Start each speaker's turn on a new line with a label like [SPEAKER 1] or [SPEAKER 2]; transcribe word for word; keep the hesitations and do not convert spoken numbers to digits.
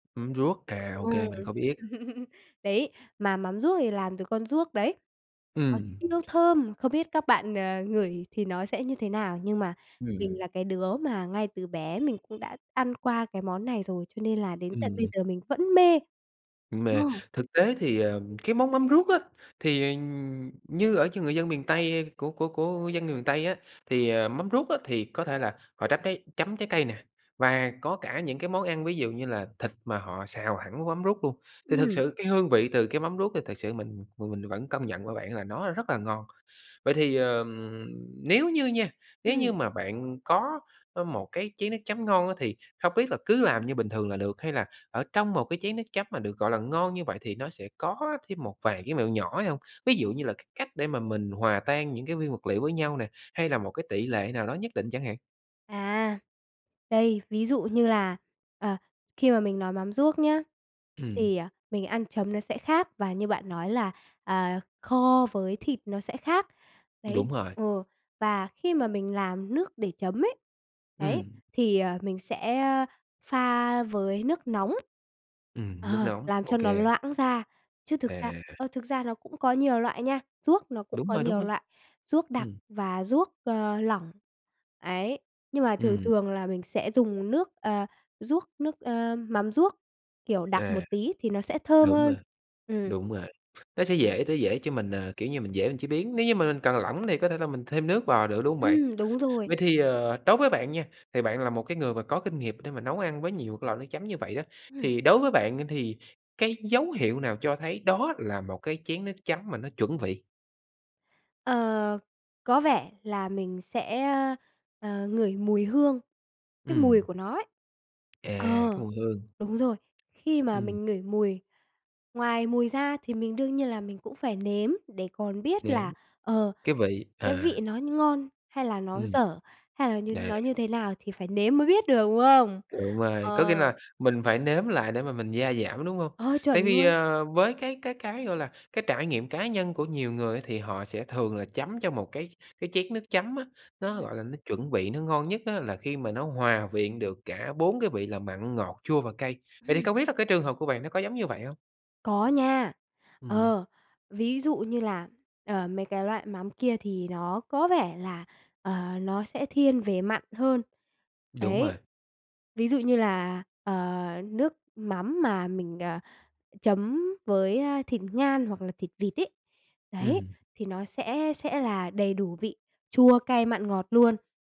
[SPEAKER 1] Mắm ruốc. À, ô
[SPEAKER 2] Ừm.
[SPEAKER 1] kê, mình có biết.
[SPEAKER 2] Đấy, mà mắm ruốc thì làm từ con ruốc đấy. Nó
[SPEAKER 1] Ừm.
[SPEAKER 2] siêu thơm. Không biết các bạn, ờ, ngửi thì nó sẽ như thế nào, nhưng mà mình
[SPEAKER 1] Ừm.
[SPEAKER 2] là cái đứa mà ngay từ bé mình cũng đã ăn qua cái món này rồi cho nên là đến tận bây
[SPEAKER 1] Ừm.
[SPEAKER 2] giờ mình vẫn mê.
[SPEAKER 1] Mê.
[SPEAKER 2] Ồ.
[SPEAKER 1] Thực tế thì, à, cái món mắm ruốc á, thì, ờ, như ở ch người dân miền Tây của của của dân người miền Tây á, thì mắm ruốc á, thì có thể là họ trắt trái chấm trái cây nè, và có cả những cái món ăn, ví dụ như là thịt mà họ xào hẳn mắm ruốc luôn, thì thực
[SPEAKER 2] Ừm.
[SPEAKER 1] sự cái hương vị từ cái mắm ruốc thì thực sự mình mình mình vẫn công nhận với bạn là nó rất là ngon. Vậy thì, ờm, nếu như nha, nếu
[SPEAKER 2] Ừm.
[SPEAKER 1] như mà bạn có, ơ, một cái chén nước chấm ngon á, thì không biết là cứ làm như bình thường là được, hay là ở trong một cái chén nước chấm mà được gọi là ngon như vậy thì nó sẽ có thêm một vài cái mẹo nhỏ hay hông? Ví dụ như là cái cách để mà mình hòa tan những cái nguyên vật liệu với nhau nè, hay là một cái tỉ lệ nào đó nhất định chẳng hạn.
[SPEAKER 2] À. Đây, ví dụ như là, ờ, khi mà mình nói mắm ruốc nhá,
[SPEAKER 1] Ừm.
[SPEAKER 2] thì, ờ, mình ăn chấm nó sẽ khác và như bạn nói là, à, kho với thịt nó sẽ khác.
[SPEAKER 1] Đúng
[SPEAKER 2] Đấy,
[SPEAKER 1] rồi.
[SPEAKER 2] ờ, và khi mà mình làm nước để chấm ấy, đấy,
[SPEAKER 1] Ừm.
[SPEAKER 2] thì, ờ, mình sẽ pha với nước nóng,
[SPEAKER 1] Ừm, nước
[SPEAKER 2] ờ,
[SPEAKER 1] nóng.
[SPEAKER 2] làm
[SPEAKER 1] Ô
[SPEAKER 2] cho nó
[SPEAKER 1] kê.
[SPEAKER 2] loãng ra, chứ thực ra
[SPEAKER 1] À.
[SPEAKER 2] ơ, thực ra nó cũng có nhiều loại nha, ruốc nó cũng
[SPEAKER 1] Đúng
[SPEAKER 2] có
[SPEAKER 1] rồi, đúng
[SPEAKER 2] nhiều
[SPEAKER 1] rồi.
[SPEAKER 2] loại, ruốc đặc
[SPEAKER 1] Ừm.
[SPEAKER 2] và ruốc, ờ, lỏng. Ấy, nhưng mà thường
[SPEAKER 1] Ừm.
[SPEAKER 2] thường là mình sẽ dùng nước ờ, ruốc nước, ơ mắm ruốc, kiểu, đặc một
[SPEAKER 1] À.
[SPEAKER 2] tí thì nó sẽ thơm
[SPEAKER 1] Đúng rồi.
[SPEAKER 2] hơn. Ừm.
[SPEAKER 1] Đúng rồi, nó sẽ dễ sẽ dễ cho mình, à, kiểu như, mình dễ chế biến, nếu như mà mình cần lỏng thì có thể là mình thêm nước vào nữa, đúng hông bạn?
[SPEAKER 2] Ừm, đúng rồi.
[SPEAKER 1] Vậy thì, ờ, đối với bạn nha, thì bạn là một cái người mà có kinh nghiệm để mà nấu ăn với nhiều cái loại nước chấm như vậy đó,
[SPEAKER 2] Ừm.
[SPEAKER 1] thì đối với bạn á, thì cái dấu hiệu nào cho thấy đó là một cái chén nước chấm mà nó chuẩn vị?
[SPEAKER 2] Ờ, có vẻ là mình sẽ, ờ, ngửi mùi hương, cái mùi
[SPEAKER 1] Ừm.
[SPEAKER 2] của nó ấy.
[SPEAKER 1] À, cái
[SPEAKER 2] Ờ,
[SPEAKER 1] mùi hương.
[SPEAKER 2] đúng rồi, khi mà
[SPEAKER 1] Ừm.
[SPEAKER 2] mình ngửi mùi ngoài mùi ra thì mình đương nhiên là mình cũng phải nếm để còn biết là,
[SPEAKER 1] Nếm.
[SPEAKER 2] ờ,
[SPEAKER 1] Cái vị,
[SPEAKER 2] cái
[SPEAKER 1] à.
[SPEAKER 2] vị nó nh ngon hay là nó
[SPEAKER 1] Ừm.
[SPEAKER 2] dở, hay là như
[SPEAKER 1] À.
[SPEAKER 2] nó như thế nào thì phải nếm mới biết được, đúng không?
[SPEAKER 1] Đúng rồi, có nghĩa là
[SPEAKER 2] Ờ.
[SPEAKER 1] mình phải nếm lại để mà mình gia giảm, đúng hông?
[SPEAKER 2] Ờ,
[SPEAKER 1] Tại
[SPEAKER 2] chuẩn
[SPEAKER 1] vì,
[SPEAKER 2] luôn.
[SPEAKER 1] ờ, với cái cái cái, gọi là, cái trải nghiệm cá nhân của nhiều người á, thì họ sẽ thường là chấm cho một cái cái chén nước chấm á, nó gọi
[SPEAKER 2] Ừm.
[SPEAKER 1] là nó chuẩn vị, nó ngon nhất á, là khi mà nó hòa quyện được cả bốn cái vị là mặn, ngọt, chua và cay. Vậy thì
[SPEAKER 2] Ừm.
[SPEAKER 1] không biết là cái trường hợp của bạn nó có giống như vậy hông?
[SPEAKER 2] Có nha.
[SPEAKER 1] Ừm.
[SPEAKER 2] Ờ, ví dụ như là, ờ, mấy cái loại mắm kia thì nó có vẻ là, ờ, nó sẽ thiên về mặn hơn.
[SPEAKER 1] Đúng
[SPEAKER 2] Đấy.
[SPEAKER 1] rồi.
[SPEAKER 2] Ví dụ như là, ờ, nước mắm mà mình, ờ, chấm với, ơ, thịt ngan hoặc là thịt vịt ấy, đấy,
[SPEAKER 1] Ừm.
[SPEAKER 2] thì nó sẽ sẽ là đầy đủ vị chua, cay, mặn, ngọt luôn.